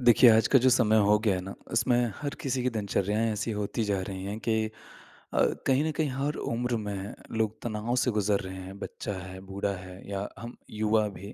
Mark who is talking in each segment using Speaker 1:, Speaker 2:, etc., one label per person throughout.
Speaker 1: देखिए आज का जो समय हो गया है ना, उसमें हर किसी की दिनचर्याएँ ऐसी होती जा रही हैं कि अ, कहीं न कहीं हर उम्र में लोग तनाव से गुज़र रहे हैं बच्चा है, बूढ़ा है या हम युवा भी।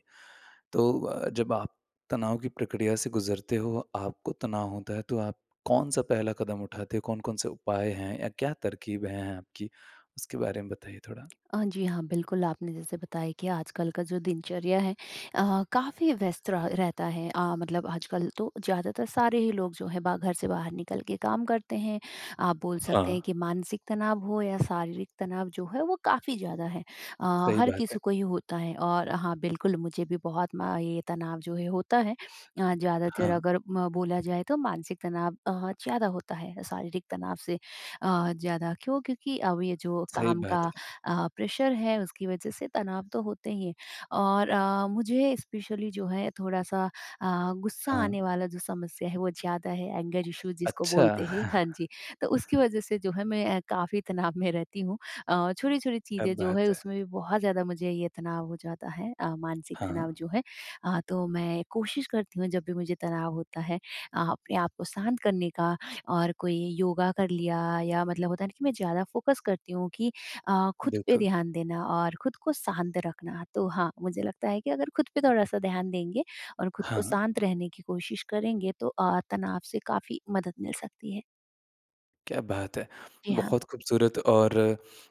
Speaker 1: तो अ, जब आप तनाव की प्रक्रिया से गुज़रते हो, आपको तनाव होता है तो आप कौन-सा पहला कदम उठाते, कौन-कौन से उपाय हैं या क्या तरकीब हैं आपकी? उसके बारे में बताइए थोड़ा।
Speaker 2: हाँ, जी हाँ, बिल्कुल, आपने जैसे बताया कि आजकल का जो दिनचर्या है, अ, काफ़ी व्यस्त रहा रहता है। अ, मतलब आजकल तो ज़्यादातर सारे ही लोग जो है बा घर से बाहर निकल के काम करते हैं, आप बोल सकते हैं
Speaker 1: हाँ।
Speaker 2: कि मानसिक तनाव हो या शारीरिक तनाव जो है वो काफ़ी ज़्यादा है। अ,
Speaker 1: सही
Speaker 2: हर
Speaker 1: बात
Speaker 2: किसी
Speaker 1: है।
Speaker 2: को ही होता है, और हाँ, बिल्कुल, मुझे भी बहुत म ये तनाव जो है होता है। अ, ज़्यादातर
Speaker 1: हाँ।
Speaker 2: अगर म बोला जाए तो मानसिक तनाव अ, ज़्यादा होता है शारीरिक तनाव से अ, ज़्यादा क्यों? क्योंकि अब ये जो
Speaker 1: सही
Speaker 2: काम का
Speaker 1: बात है।
Speaker 2: अ, प्रेशर है उसकी वजह से तनाव तो होते ही हैं और अ, मुझे स्पेशली जो है थोड़ा-सा अ, गुस्सा आने
Speaker 1: हाँ।
Speaker 2: वाला जो समस्या है वो ज़्यादा है, एंगर इश्यू जिसको
Speaker 1: अच्छा।
Speaker 2: बोलते हैं, हाँ जी। तो उसकी वजह से जो है मैं अ, काफ़ी तनाव में रहती हूँ। अ, छोटी-छोटी
Speaker 1: क्या
Speaker 2: चीज़ें जो है
Speaker 1: बात है!
Speaker 2: उसमें भी बहुत ज़्यादा मुझे ये तनाव हो जाता है, अ, मानसिक तनाव
Speaker 1: हाँ।
Speaker 2: जो है। अ, तो मैं कोशिश करती हूँ जब भी मुझे तनाव होता है अ, आपने आप को शांत करने का और कोई योगा कर लिया या मतलब होता है ना कि मैं ज़्यादा फ़ोकस करती हूँ कि अ, खुद पे
Speaker 1: बिल्कुल।
Speaker 2: ध्यान देना और खुद को शांत रखना। तो हाँ, मुझे लगता है कि अगर खुद पे थोड़ा-सा ध्यान देंगे और खुद को
Speaker 1: हाँ।
Speaker 2: शांत रहने की कोशिश करेंगे तो अ, तनाव से काफ़ी मदद मिल सकती है।
Speaker 1: क्या बात है!
Speaker 2: जी, हाँ।
Speaker 1: बहुत खूबसूरत और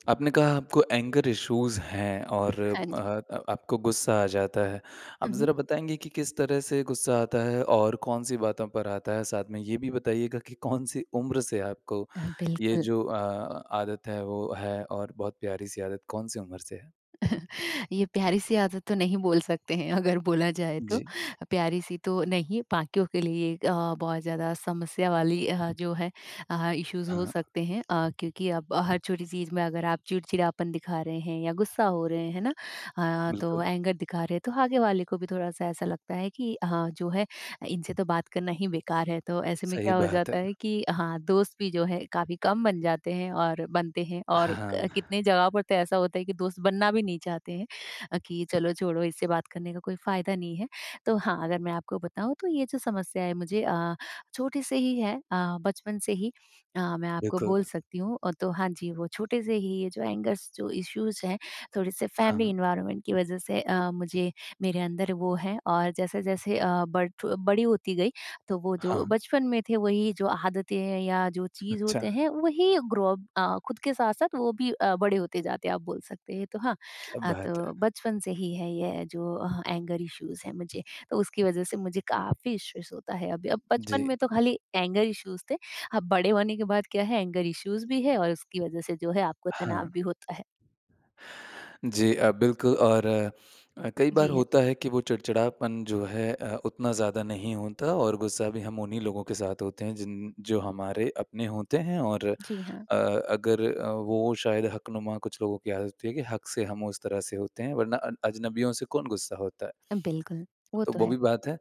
Speaker 1: आपने कहा आपको एंगर इशूज़ हैं और
Speaker 2: हाँ, जी।
Speaker 1: अ, आपको गुस्सा आ जाता है।
Speaker 2: हुँ,
Speaker 1: अब
Speaker 2: हुँ।
Speaker 1: ज़रा बताएँगे कि किस तरह से गुस्सा आता है? और कौन-सी बातों पर आता है? साथ में ये भी बताएगा कि कौन सी उम्र से आपको
Speaker 2: हाँ,
Speaker 1: ये
Speaker 2: बिल्कुल।
Speaker 1: जो अ, आदत है वो है? और बहुत प्यारी-सी आदत कौन सी उम्र से है?
Speaker 2: ये प्यारी-सी आदत तो नहीं बोल सकते हैं अगर बोला जाए तो।
Speaker 1: जी।
Speaker 2: प्यारी-सी तो नहीं, बाकियों के लिए अ, एक बहुत ज़्यादा समस्या वाली अ, जो है अ, इशूज़ हो
Speaker 1: हाँ।
Speaker 2: सकते हैं। अ, क्योंकि अब हर छोटी चीज़ में अगर आप चिड़चिड़ापन दिखा रहे हैं या गुस्सा हो रहे हैं ना? अ, तो
Speaker 1: बिल्कुल।
Speaker 2: एंगर दिखा रहे हैं। तो आगे वाले को भी थोड़ा-सा ऐसा लगता है कि हाँ जो है इनसे तो बात करना ही बेकार है। तो ऐसे में
Speaker 1: सही
Speaker 2: क्या हो
Speaker 1: बात है।
Speaker 2: जाता है कि हाँ, दोस्त भी जो है काफ़ी कम बन जाते हैं और बनते हैं और
Speaker 1: हाँ।
Speaker 2: कितने जगह पर तो ऐसा होता है कि दोस्त बनना भी नहीं चाहते हैं। अ, कि चलो छोड़ो इससे बात करने का कोई फ़ायदा नहीं है। तो हाँ, अगर मैं आपको बताऊँ तो ये जो समस्या है मुझे अ, छोटे से ही है, अ, बचपन से ही। अ, मैं आपको
Speaker 1: बिल्कुल।
Speaker 2: बोल सकती हूँ। और तो हाँ जी वो छोटे से ही ये जो एंगर्स जो इशूज़ हैं थोड़े से फॅमिली
Speaker 1: हाँ।
Speaker 2: एनवायरनमेंट की वजह से अ, मुझे मेरे अंदर वो है। और जैसे-जैसे अ, बड़ी होती गई, तो वो जो
Speaker 1: हाँ।
Speaker 2: बचपन में थे वही जो आदतें हैं या जो चीज़ होते
Speaker 1: अच्छा।
Speaker 2: हैं, वही ग्रो अप अ, खुद के साथ-साथ वो भी अ, बड़े होते जाते हैं आप बोल सकते हैं। तो हाँ,
Speaker 1: क्या
Speaker 2: अ,
Speaker 1: बात है।
Speaker 2: तो बचपन से ही है ये जो एंगर इशूज़ हैं मुझे। तो उसकी वजह से मुझे काफ़ी इशूज़ होता है अभी। अब बचपन
Speaker 1: जी।
Speaker 2: में तो खाली एंगर इशूज़ थे। अब बड़े होने के बाद क्या है? एंगर इशूज़ भी है और उसकी वजह से जो है आपको तनाव
Speaker 1: हाँ।
Speaker 2: भी होता है।
Speaker 1: जी अ, बिल्कुल और कई बार
Speaker 2: जी, हैं।
Speaker 1: होता है कि वो चिड़चिड़ापन जो है अ, उतना ज़्यादा नहीं होता और गुस्सा भी हम उन्हीं लोगों के साथ होते हैं जिन जो हमारे अपने होते हैं। और
Speaker 2: जी, हाँ।
Speaker 1: अ, अगर वो शायद हकनुमा कुछ लोगों की आदत है कि हक से हम उस तरह से होते हैं। वरना अ अजनबियों से कौन गुस्सा होता है?
Speaker 2: बिल्कुल, वो
Speaker 1: तो
Speaker 2: तो
Speaker 1: वो भी
Speaker 2: है।
Speaker 1: बात है।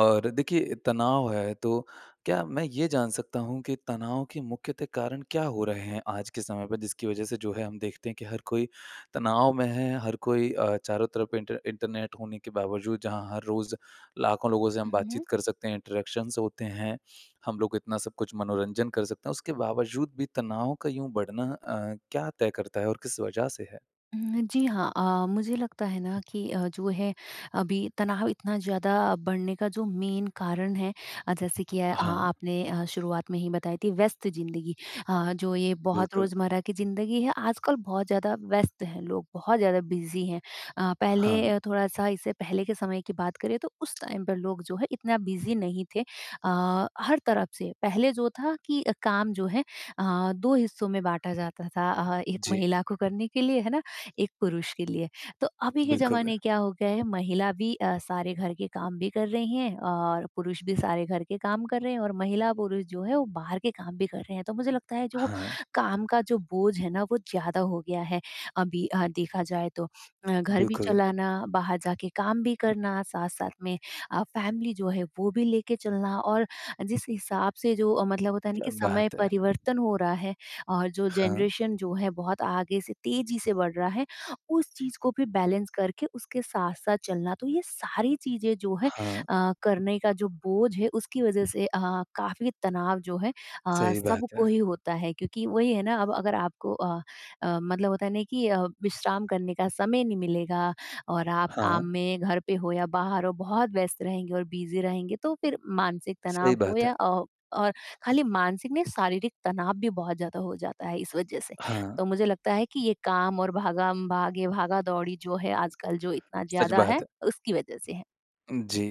Speaker 1: और देखिए तनाव है तो क्या मैं ये जान सकता हूँ कि तनाव के मुख्य ते कारण क्या हो रहे हैं? आज के समय पे जिसकी वजह से जो है हम देखते हैं कि हर कोई तनाव में है हर कोई अ, चारों तरफ इन्टर इंटरनेट होने के बावजूद जहाँ हर रोज़ लाखों लोगों से हम
Speaker 2: हुँ, हुँ।
Speaker 1: बातचीत कर सकते हैं। इंटरेक्शन होते हैं। हम लोग इतना सबकुछ मनोरंजन कर सकते हैं, इसके बावजूद भी तनाव का यूँ बढ़ना अ, क्या तय करता है, और किस वजह से है?
Speaker 2: हुँ, जी, हाँ, अ, मुझे लगता है ना कि अ, जो है अभी तनाव इतना ज़्यादा बढ़ने का जो मेन कारण है अ, जैसे कि अ,
Speaker 1: हाँ।
Speaker 2: आपने अ, शुरुआत में ही बताई थी व्यस्त ज़िंदगी। अ, जो ये बहुत
Speaker 1: बिल्कुल।
Speaker 2: रोजमर्रा की ज़िंदगी है आजकल बहुत ज़्यादा व्यस्त है, लोग बहुत ज़्यादा बिज़ी हैं। अ,
Speaker 1: हाँ।
Speaker 2: पहले थोड़ा-सा इससे पहले के समय की बात करें तो उस टाइम पर लोग जो है इतना बिज़ी नहीं थे अ, हर तरफ से पहले जो था कि अ, काम जो है अ, 2 हिस्सों में बाँटा जाता था अ, 1
Speaker 1: जी।
Speaker 2: महिला को करने के लिए, है ना? 1 पुरुष के लिए। तो अभी के
Speaker 1: बिल्कुल
Speaker 2: ज़माने
Speaker 1: है।
Speaker 2: क्या हो गया है? महिला भी अ, सारे घर के काम भी कर रही हैं, और पुरुष भी सारे घर के काम कर रहे हैं और महिला-पुरुष जो है वो बाहर के काम भी कर रहे हैं। तो मुझे लगता है जो
Speaker 1: हाँ।
Speaker 2: काम का जो बोझ है ना वो ज़्यादा हो गया है, अभी हाँ, देखा जाए तो। अ, घर भी
Speaker 1: बिल्कुल।
Speaker 2: चलाना बाहर जाके काम भी करना, साथ-साथ में आप फैमिली जो है वो भी लेके चलना और जिस हिसाब से जो मतलब होता है
Speaker 1: क्या
Speaker 2: कि समय
Speaker 1: बात है।
Speaker 2: परिवर्तन हो रहा है और जो
Speaker 1: हाँ।
Speaker 2: जनरेशन जो है बहुत आगे से तेज़ी से बढ़ रहा है, उस चीज़ को भी बैलेंस करके उसके साथ-साथ चलना। तो ये सारी चीज़ें जो है
Speaker 1: हाँ।
Speaker 2: अ, करने का जो बोझ है उसकी वजह से अ, काफ़ी तनाव जो है अ,
Speaker 1: सही बात
Speaker 2: सबको
Speaker 1: है।
Speaker 2: ही होता है। क्योंकि वही है ना अब अगर आपको अ अ, मतलब होता है नहीं कि अ, विश्राम करने का समय नहीं मिलेगा, और आप काम
Speaker 1: हाँ।
Speaker 2: में घर पे हो या बाहर हो बहुत व्यस्त रहेंगे और बिज़ी रहेंगे। तो फ़िर मानसिक
Speaker 1: सही
Speaker 2: तनाव हो
Speaker 1: बात है।
Speaker 2: या अ, और खाली मानसिक नहीं शारीरिक तनाव भी बहुत ज़्यादा हो जाता है इस वज़ह से।
Speaker 1: हाँ।
Speaker 2: तो मुझे लगता है कि ये काम और भागम-भाग ये भागा-दौड़ी जो है आजकल जो इतना
Speaker 1: सच
Speaker 2: ज़्यादा है,
Speaker 1: बात है।
Speaker 2: उसकी वज़ह से है।
Speaker 1: जी,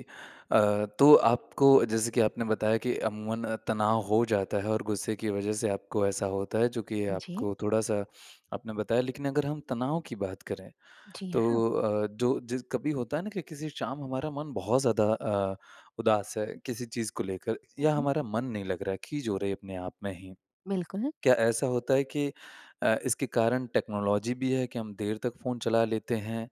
Speaker 1: अ, तो आपको जैसे कि आपने बताया कि अमूमन अ, तनाव हो जाता है और गुस्से की वज़ह से आपको ऐसा होता है जो कि
Speaker 2: हाँ, जी।
Speaker 1: आपको थोड़ा-सा आपने बताया, लेकिन अगर हम तनाव की बात करें
Speaker 2: जी, हाँ।
Speaker 1: तो अ, जो जि कभी होता है ना कि किसी शाम हमारा मन बहुत ज़्यादा अ, उदास है किसी चीज़ को लेकर।
Speaker 2: हुँ,
Speaker 1: या
Speaker 2: हुँ।
Speaker 1: हमारा मन नहीं लग रहा है खीज हो रहे अपने आप में ही।
Speaker 2: बिल्कुल।
Speaker 1: क्या ऐसा होता है कि अ, इसके कारण टेक्नोलॉज़ी भी है कि हम देर तक फ़ोन चला लेते हैं।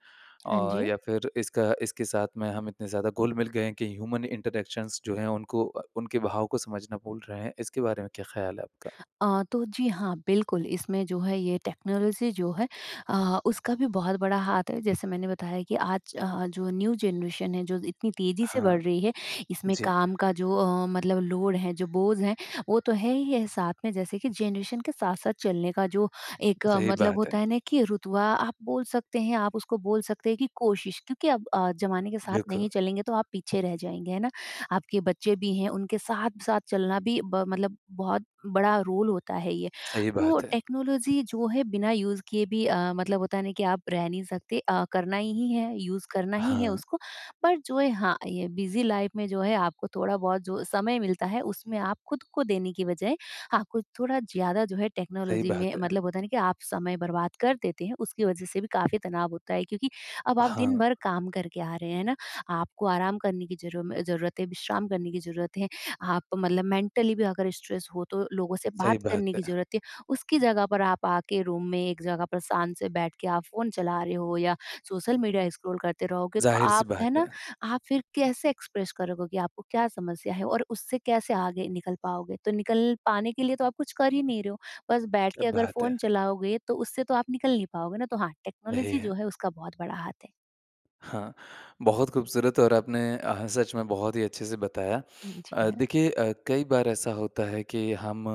Speaker 2: हाँ,
Speaker 1: और
Speaker 2: जी।
Speaker 1: या फ़िर इसका इसके साथ में हम इतने ज़्यादा घुल-मिल गए हैं कि ह्यूमन इंटरैक्शंस जो है उनको अ, उनके भाव को समझना भूल रहे हैं इसके बारे में क्या ख़्याल है आपका?
Speaker 2: अ, तो जी, हाँ, बिल्कुल, इसमें जो है ये टेक्नोलॉज़ी जो है अ, उसका भी बहुत बड़ा हाथ है, जैसे मैंने बताया कि आज जो न्यू जनरेशन है जो इतनी तेज़ी से
Speaker 1: हाँ।
Speaker 2: बढ़ रही है, इसमें
Speaker 1: जी।
Speaker 2: काम का जो अ, मतलब लोड है जो बोझ है वो तो है ही है। साथ में जैसे कि जनरेशन के साथ-साथ चलने का जो एक
Speaker 1: सही
Speaker 2: मतलब
Speaker 1: बात
Speaker 2: होता
Speaker 1: है।
Speaker 2: है ना कि रुतबा आप बोल सकते हैं। आप उसको बोल सकते हैं कि कोशिश, क्योंकि अब ज़माने के साथ
Speaker 1: बिल्कुल।
Speaker 2: नहीं चलेंगे तो आप पीछे रह जाएँगे, है ना? आपके बच्चे भी हैं, उनके साथ-साथ चलना भी ब मतलब बहुत बड़ा रोल होता है ये।
Speaker 1: सही
Speaker 2: तो
Speaker 1: बात है।
Speaker 2: टेक्नोलॉज़ी जो है बिना यूज़ किए भी अ, मतलब होता है ना कि आप रह नहीं सकते, अ, करना ही है, यूज़ करना ही है
Speaker 1: हाँ।
Speaker 2: उसको। पर जो है हाँ, ये बिज़ी लाइफ़ में जो है आपको थोड़ा-बहुत जो समय मिलता है, उसमें आप खुद को देने की बजाय आपको थोड़ा ज़्यादा जो है
Speaker 1: सही
Speaker 2: टेक्नोलॉज़ी में
Speaker 1: बात है।
Speaker 2: मतलब होता है ना कि आप समय बर्बाद कर देते हैं। उसकी वजह से भी काफ़ी तनाव होता है क्योंकि अब आप
Speaker 1: हाँ।
Speaker 2: दिन-भर काम करके आ रहे हैं ना? आपको आराम करने की ज़रू ज़रूरत है, विश्राम करने की ज़रूरत है। आप मतलब मेंटली भी अगर स्ट्रेस हो तो लोगों से बात
Speaker 1: सही
Speaker 2: करने
Speaker 1: बात
Speaker 2: की
Speaker 1: है।
Speaker 2: ज़रूरत है। उसकी जगह पर आप आके रूम में एक जगह पर शांत से बैठ के आप फ़ोन चला रहे हो या सोशल मीडिया स्क्रॉल करते रहोगे, तो
Speaker 1: ज़ाहिर
Speaker 2: आप
Speaker 1: सी बात
Speaker 2: है ना।
Speaker 1: है।
Speaker 2: आप फ़िर कैसे एक्सप्रेस करोगे आपको क्या समस्या है, और उससे कैसे आगे निकल पाओगे। तो निकल पाने के लिए तो आप कुछ कर ही नहीं रहे हो, बस
Speaker 1: क्या
Speaker 2: बैठके अगर
Speaker 1: बात है।
Speaker 2: फ़ोन चलाओगे। तो उससे तो आप निकल नहीं पाओगे ना तो हाँ
Speaker 1: सही
Speaker 2: टेक्नोलॉज़ी जो
Speaker 1: है।
Speaker 2: है उसका बहुत बड़ा हाथ है।
Speaker 1: हाँ, बहुत खूबसूरत और आपने अ, हाँ सच में बहुत ही अच्छे से बताया।
Speaker 2: हुँ, जी।
Speaker 1: अ,
Speaker 2: हाँ।
Speaker 1: देखिए अ, कई बार ऐसा होता है कि हम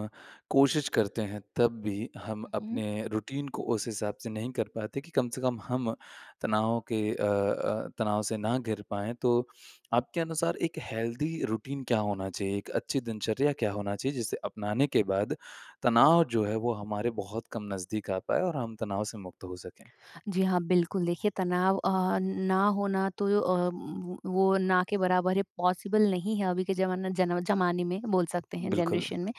Speaker 1: कोशिश करते हैं, तब भी हम
Speaker 2: हुँ।
Speaker 1: अपने रूटीन को उस हिसाब से नहीं कर पाते कि कम से कम हम तनाव के अ अ, तनाव से ना घिर पाएँ। तो आपके अनुसार एक हेल्दी रूटीन क्या होना चाहिए, एक अच्छी दिनचर्या क्या होना चाहिए? जिसे अपनाने के बाद तनाव जो है वो हमारे बहुत कम नज़दीक आ पाए और हम तनाव से मुक्त हो सके?
Speaker 2: जी, हाँ, बिल्कुल, देखिए तनाव अ, ना होना तो अ, व वो ना के बराबर है पॉसिबल नहीं है, अभी के ज़माना ज़नव ज़माने में बोल सकते हैं
Speaker 1: बिल्कुल।
Speaker 2: जनरेशन में।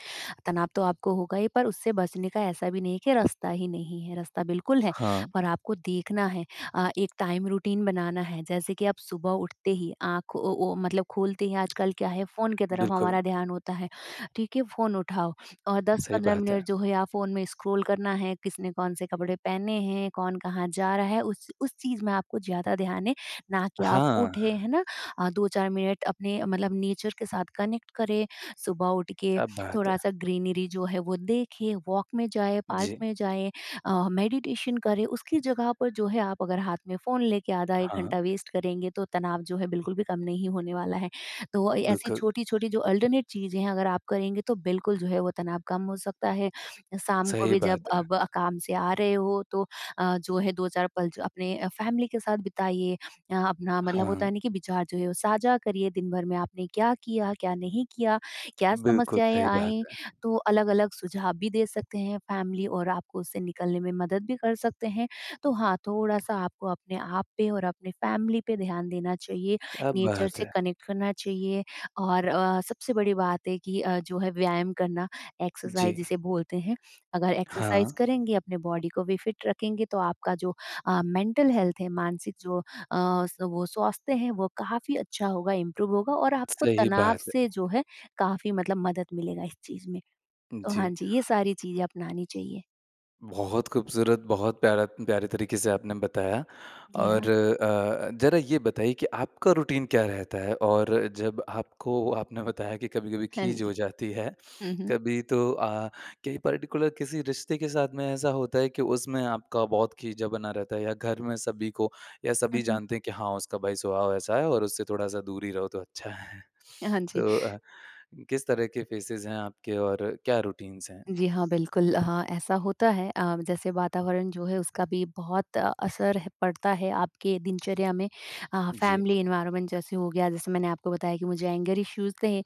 Speaker 2: तनाव तो आपको होगा ही पर उससे बचने का ऐसा भी नहीं है कि रास्ता ही नहीं है, रास्ता बिल्कुल है
Speaker 1: हाँ।
Speaker 2: और आपको देखना है अ, एक टाइम रूटीन बनाना है जैसे कि आप सुबह उठते ही आँख ओ ओ मतलब खोलते ही आजकल क्या है फ़ोन की तरफ
Speaker 1: बिल्कुल।
Speaker 2: हमारा ध्यान होता है, ठीक है फ़ोन उठाओ और दस
Speaker 1: सही
Speaker 2: पंद्रह
Speaker 1: बात है।
Speaker 2: मिनट जो है या फ़ोन में स्क्रॉल करना है। किसने कौन-से कपड़े पहने हैं? कौन कहाँ जा रहा है? उस उस चीज़ मैं आपको ज़्यादा ध्यान है ना कि आप
Speaker 1: हाँ।
Speaker 2: उठे है ना, 2-4 मिनट अपने मतलब नेचर के साथ कनेक्ट करें। सुबह उठके
Speaker 1: क्या बात
Speaker 2: थोड़ा-सा
Speaker 1: है।
Speaker 2: ग्रीनरी जो है वो देखें, वॉक में जाए, पार्क
Speaker 1: जी।
Speaker 2: में जाए अ, मेडिटेशन करें। उसकी जगह पर जो है आप अगर हाथ में फ़ोन लेके आधा 1
Speaker 1: हाँ।
Speaker 2: घंटा वेस्ट करेंगे तो तनाव जो है बिल्कुल भी कम नहीं होने वाला है। तो अ, ऐसी
Speaker 1: बिल्कुल।
Speaker 2: छोटी-छोटी जो अल्टर्नेट चीज़ें अगर आप करेंगे तो बिल्कुल जो है वो तनाव कम हो सकता है शाम को
Speaker 1: सही
Speaker 2: भी जब
Speaker 1: बात है।
Speaker 2: अब काम से आ रहे हो तो अ, जो है 2-4 पल ज अपने फैमिली के साथ बिताइए। यहाँ अपना मतलब होता
Speaker 1: हाँ।
Speaker 2: है कि विचार जो है साझा करिए दिन-भर में आपने क्या किया, क्या नहीं किया क्या
Speaker 1: बिल्कुल,
Speaker 2: समस्याएँ
Speaker 1: सही बात
Speaker 2: आईं,
Speaker 1: है।
Speaker 2: तो अलग-अलग सुझाव भी दे सकते हैं। फैमिली और आपको उस से निकलने में मदद भी कर सकते हैं। तो हाँ, थोड़ा-सा आपको अपने आप पे और अपने फैमिली पे ध्यान देना चाहिए
Speaker 1: क्या
Speaker 2: नेचर
Speaker 1: बात
Speaker 2: से
Speaker 1: है!
Speaker 2: कनेक्ट करना चाहिए। और अ, सबसे बड़ी बात है कि अ, जो है व्यायाम करना एक्सरसाइज़
Speaker 1: जी।
Speaker 2: जिसे बोलते हैं, अगर एक्सरसाइज़
Speaker 1: हाँ।
Speaker 2: करेंगे अपने बॉडी को भी फिट रखेंगे। तो आपका जो अ, मेंटल हेल्थ है मानसिक जो अ, स वो स्वास्थ्य हैं वो काफ़ी अच्छा होगा इंप्रूव होगा और आपको
Speaker 1: सही
Speaker 2: तनाव
Speaker 1: बात है।
Speaker 2: से जो है काफ़ी मतलब मदद मिलेगा इस चीज़ में। तो हाँ,
Speaker 1: जी।
Speaker 2: जी ये सारी चीज़ें अपनानी चाहिए।
Speaker 1: बहुत खूबसूरत, बहुत प्यारा प्यारे तरीके से आपने बताया,
Speaker 2: जी,
Speaker 1: और
Speaker 2: हाँ।
Speaker 1: अ, ज़रा ये बताइए कि आपका रूटीन क्या रहता है, और जब आपको आपने बताया कि कभी-कभी
Speaker 2: हाँ,
Speaker 1: खीज
Speaker 2: जी।
Speaker 1: हो जाती है।
Speaker 2: हुँ, हुँ।
Speaker 1: कभी तो अ, क्या ये पार्टिकुलर किसी रिश्ते के साथ में ऐसा होता है कि उसमें आपका बहुत खीजा बना रहता है, या घर में सभी को या सभी
Speaker 2: हुँ, हुँ।
Speaker 1: जानते हैं कि हाँ उसका भाई स्वभाव ऐसा है और उससे थोड़ा-सा दूर ही रहो तो अच्छा है।
Speaker 2: हाँ, जी।
Speaker 1: तो अ, किस तरह के फेसेज हैं आपके और क्या रुटिन्स हैं?
Speaker 2: जी, हाँ। बिल्कुल, हाँ, ऐसा होता है अ, जैसे वातावरण जो है उसका भी बहुत असर है पड़ता है, आपके दिनचर्या में। हाँ
Speaker 1: जी।
Speaker 2: फैमिली एनवायरनमेंट जैसे हो गया जैसे मैंने आपको बताया कि मुझे एंगर इश्यूज़ थे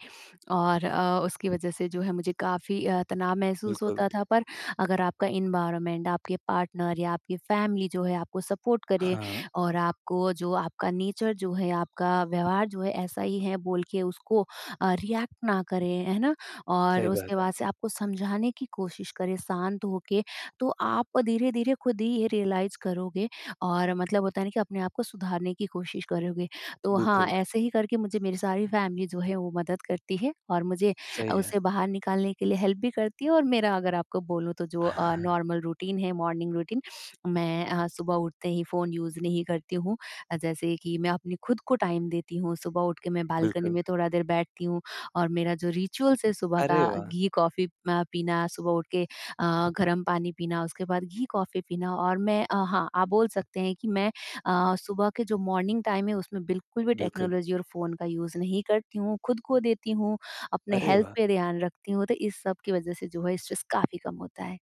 Speaker 2: और अ, उसकी वज़ह से जो है मुझे काफ़ी अ, तनाव महसूस
Speaker 1: बिल्कुल।
Speaker 2: होता था, पर अगर आपका एनवायरनमेंट आपके पार्टनर या आपकी फैमिली जो है आपको सपोर्ट करें,
Speaker 1: हाँ।
Speaker 2: और आपको जो आपका नेचर जो है आपका व्यवहार जो है ऐसा ही है बोलके उसको अ, रियेक्ट ना करें। है ना? और
Speaker 1: सही
Speaker 2: उसके
Speaker 1: बात है।
Speaker 2: बाद से आपको समझाने की कोशिश करें, शांत होके, तो आप धीरे-धीरे खुद ही ये रियलाइज़ करोगे और मतलब होता है ना कि अपने आप को सुधारने की कोशिश करोगे। तो हाँ,
Speaker 1: बिल्कुल।
Speaker 2: ऐसे ही करके मुझे मेरी सारी फैमिली जो है वो मदद करती है, और मुझे
Speaker 1: सही है।
Speaker 2: उससे बाहर निकालने के लिए हेल्प भी करती है और मेरा अगर आपको बोलूँ तो जो अ, नार्मल रूटीन है मॉर्निंग रूटीन। मैं अ, सुबह उठते ही फ़ोन यूज़ नहीं करती हूँ। अ, जैसे कि मैं अपनी खुद को टाइम देती हूँ, सुबह उठ के मैं बालकनी
Speaker 1: बिल्कुल।
Speaker 2: में थोड़ा देर बैठती हूँ और मेरा जो रिचुअल्स है सुबह
Speaker 1: अरे
Speaker 2: का
Speaker 1: वाह!
Speaker 2: घी कॉफ़ी अ, पीना, सुबह उठके अ, गर्म पानी पीना, उसके बाद घी कॉफ़ी पीना और मैं अ हाँ। आप बोल सकते हैं कि मैं अ, सुबह के जो मॉर्निंग टाइम है उसमें बिल्कुल भी
Speaker 1: बिल्कुल।
Speaker 2: टेक्नोलॉज़ी और फ़ोन का यूज़ नहीं करती हूँ, खुद को देती हूँ, अपने
Speaker 1: अरे
Speaker 2: हेल्थ
Speaker 1: वाह!
Speaker 2: पे ध्यान रखती हूँ। तो इस सब की वजह से जो है स्ट्रेस काफ़ी कम होता है।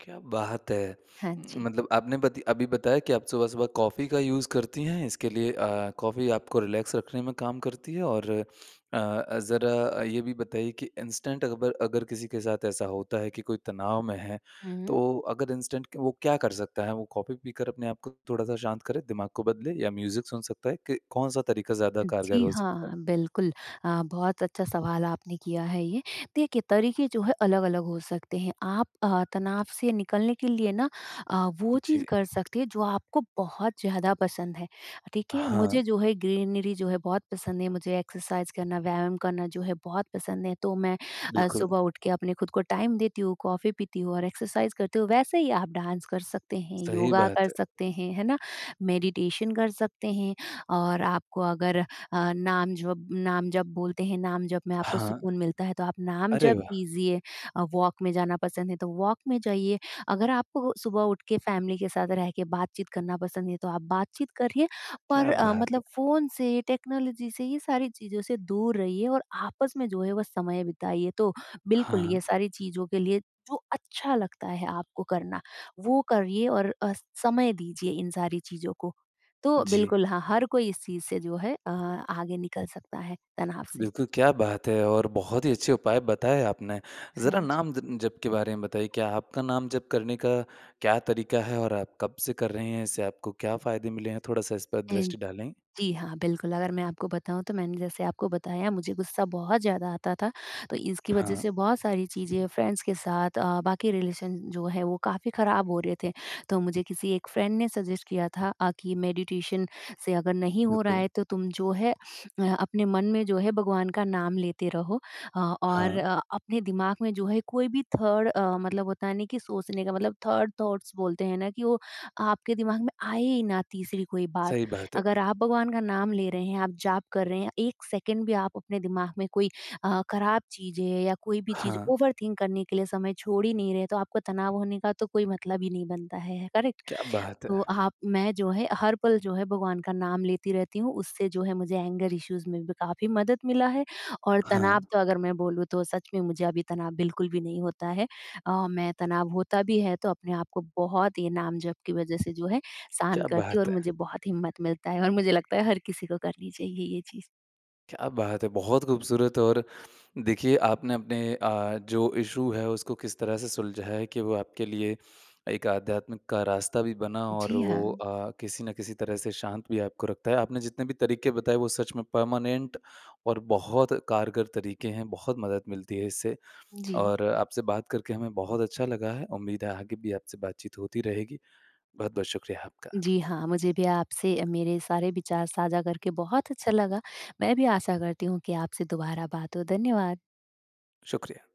Speaker 1: क्या बात है!
Speaker 2: हाँ जी।
Speaker 1: मतलब आपने बति अभी बताया कि आप सुबह-सुबह कॉफ़ी का यूज़ करतीं हैं। इसके लिए अ, कॉफ़ी आपको रिलैक्स रखने में काम करती है और अ, ज़रा ये भी बताइए कि इंस्टेंट अबर अगर किसी के साथ ऐसा होता है कि कोई तनाव में है
Speaker 2: हुँ, हुँ।
Speaker 1: तो अगर इंस्टेंट क वो क्या कर सकता है? वो कॉफ़ी पीकर अपने आप को थोड़ा-सा शांत करें, दिमाग को बदले या म्यूज़िक सुन सकता है? क कौन-सा तरीका ज़्यादा कारगर
Speaker 2: जी,
Speaker 1: हो सकता
Speaker 2: हाँ।
Speaker 1: है?
Speaker 2: बिल्कुल अ, बहुत अच्छा सवाल आपने किया है ये, देखिए तरीके जो है अलग-अलग हो सकते हैं। आप अ, तनाव से निकलने के लिए ना अ, वो चीज़
Speaker 1: जी।
Speaker 2: कर सकती हैं जो आपको बहुत ज़्यादा पसंद हैं। ठीक है?
Speaker 1: हाँ।
Speaker 2: मुझे जो है ग्रीनरी जो है बहुत पसंद है मुझे एक्सरसाइज़ करना, व्यायाम करना जो है बहुत पसंद है। तो मैं अ,
Speaker 1: बिल्कुल।
Speaker 2: सुबह उठ के अपने खुद को टाइम देती हूँ, कॉफ़ी पीती हूँ, और एक्सरसाइज़ करती हूँ। वैसे ही आप डांस कर सकते हैं,
Speaker 1: सही
Speaker 2: योगा कर
Speaker 1: बात है।
Speaker 2: सकते हैं, है ना? मेडिटेशन कर सकते हैं। और आपको अगर अ, नाम जप नाम जप बोलते हैं नाम जप में आपको
Speaker 1: हाँ।
Speaker 2: सुकून मिलता है तो आप नाम
Speaker 1: अरे
Speaker 2: जप
Speaker 1: वाह!
Speaker 2: कीजिए अ, वॉक में जाना पसंद है तो वॉक में जाइए। अगर आपको सुबह उठ के फ़ैमिली के साथ रह के बातचीत करना पसंद है तो आप बातचीत करिए। पर
Speaker 1: क्या
Speaker 2: अ,
Speaker 1: बात
Speaker 2: मतलब
Speaker 1: है!
Speaker 2: फ़ोन से टेक्नोलॉज़ी से ये सारी चीज़ों से दूर रहिए। और आपस में जो है वो समय बिताइए। तो बिल्कुल
Speaker 1: हाँ।
Speaker 2: ये सारी चीज़ों के लिए जो अच्छा लगता है आपको करना वो करिए और अ, समय दीजिए इन सारी चीज़ों को। तो
Speaker 1: जी।
Speaker 2: बिल्कुल हाँ, हर कोई चीज़ से जो है अ, आगे निकल सकता है तनाव से।
Speaker 1: बिल्कुल, क्या बात है और बहुत ही अच्छे उपाय बताए आपने।
Speaker 2: हाँ
Speaker 1: ज़रा
Speaker 2: जी।
Speaker 1: नाम ज जप के बारे में बताइए? क्या आपका नाम जप करने का क्या तरीका है? और आप कब से कर रहें हैं? इससे आपको क्या फ़ायदे मिले हैं, थोड़ा-सा इस पर
Speaker 2: ऐन
Speaker 1: दृष्टि डालें?
Speaker 2: जी, हाँ। बिल्कुल अगर मैं आपको बताऊँ तो मैंने जैसे आपको बताया मुझे गुस्सा बहुत ज़्यादा आता था। तो इसकी वज़ह
Speaker 1: हाँ।
Speaker 2: से बहुत सारी चीज़ें फ्रेंड्स के साथ अ, बाकी रिलेशन जो है वो काफ़ी ख़राब हो रहे थे। तो मुझे किसी 1 फ्रेंड ने सज़ेस्ट किया था अ, कि मेडिटेशन से अगर नहीं हो रहा
Speaker 1: बिल्कुल।
Speaker 2: है तो तुम जो है अ, अपने मन में जो है भगवान का नाम लेते रहो। अ, और
Speaker 1: हाँ।
Speaker 2: अ, अपने दिमाग में जो है कोई भी थर्ड अ, मतलब होता ना, कि सोचने का मतलब थर्ड थॉट्स बोलते हैं ना कि, वो आपके दिमाग में आए ही ना तीसरी कोई बात।
Speaker 1: सही बात
Speaker 2: अगर
Speaker 1: है।
Speaker 2: आप भगवान का नाम ले रहे हैं आप जाप कर रहे हैं 1 सेकेंड भी आप अपने दिमाग में कोई अ, ख़राब चीज़ें या कोई भी चीज़
Speaker 1: हाँ।
Speaker 2: ओवरथिंक करने के लिए समय छोड़ ही नहीं रहे तो आपको तनाव होने का तो कोई मतलब ही नहीं बनता है। है करेक्ट?
Speaker 1: क्या बात
Speaker 2: तो
Speaker 1: है।
Speaker 2: आप मैं जो है, हर पल जो है भगवान का नाम लेती रहती हूँ उससे जो है मुझे एंगर इश्यूज़ में भी काफ़ी मदद मिला है। और तनाव
Speaker 1: हाँ।
Speaker 2: तो अगर मैं बोलूँ तो सच में मुझे अभी तनाव बिल्कुल भी नहीं होता है। अ, मैं तनाव होता भी है तो अपने आप को बहुत ही नाम जप की वज़ह से जो है, शांत
Speaker 1: क्या
Speaker 2: करती हूँ और
Speaker 1: बात है।
Speaker 2: मुझे बहुत हिम्मत मिलता है। और मुझे लगता है हर किसी को करनी चाहिए ये चीज़।
Speaker 1: क्या बात है! बहुत खूबसूरत और देखिए आपने अपने अ, जो इशू है उसको किस तरह से सुलझाया है कि वो आपके लिए एक आध्यात्मिक का रास्ता भी बना, और
Speaker 2: जी,
Speaker 1: वो
Speaker 2: हाँ।
Speaker 1: अ, किसी न किसी तरह से शांत भी आपको रखता है। आपने जितने भी तरीके बताए वो सच में परमानेंट और बहुत कारगर तरीके हैं। बहुत मदद मिलती है इससे
Speaker 2: जी।
Speaker 1: और आपसे बात करके हमें बहुत अच्छा लगा है। उम्मीद है आगे भी आपसे बातचीत होती रहेगी। बहुत-बहुत शुक्रिया आपका।
Speaker 2: जी, हाँ। मुझे भी अ, आपसे मेरे सारे विचार साझा करके बहुत अच्छा लगा। मैं भी आशा करती हूँ कि आपसे दुबारा बात हो। धन्यवाद।
Speaker 1: शुक्रिया।